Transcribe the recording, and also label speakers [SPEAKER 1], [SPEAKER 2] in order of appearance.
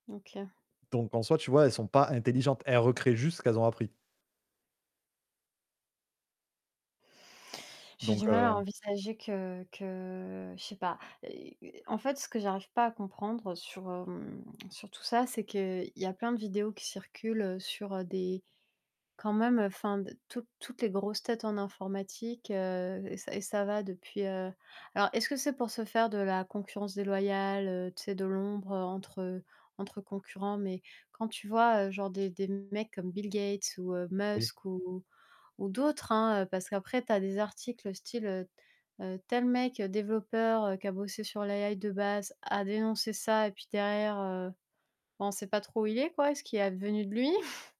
[SPEAKER 1] OK.
[SPEAKER 2] Donc, en soi, tu vois, elles sont pas intelligentes, elles recréent juste ce qu'elles ont appris
[SPEAKER 1] J'ai
[SPEAKER 2] donc
[SPEAKER 1] du mal à
[SPEAKER 2] heu
[SPEAKER 1] envisager que que je sais pas. Heu, en fait, ce que j'arrive pas à comprendre sur, hem, sur tout ça, c'est qu'il y a plein de vidéos qui circulent sur, heu, des quand même, enfin, d toutes toutes les grosses têtes en informatique, heu et ça et ça va depuis, heu alors, est-ce que c'est pour se faire de la concurrence déloyale, heu, tu sais, de l'ombre entre, heu, entre concurrents? Mais quand, tu vois, heu, genre, des des mecs comme Bill Gates ou, heu,
[SPEAKER 2] Oui.
[SPEAKER 1] Musk ou ou d'autres, hein, heu, parce qu'après tu as des articles, heu, style, heu, heu, tel mec, développeur qui a bossé sur l' AI de base a dénoncé ça et puis derrière, heu, ben, on sait pas trop où il est, quoi et ce qui est advenu de lui.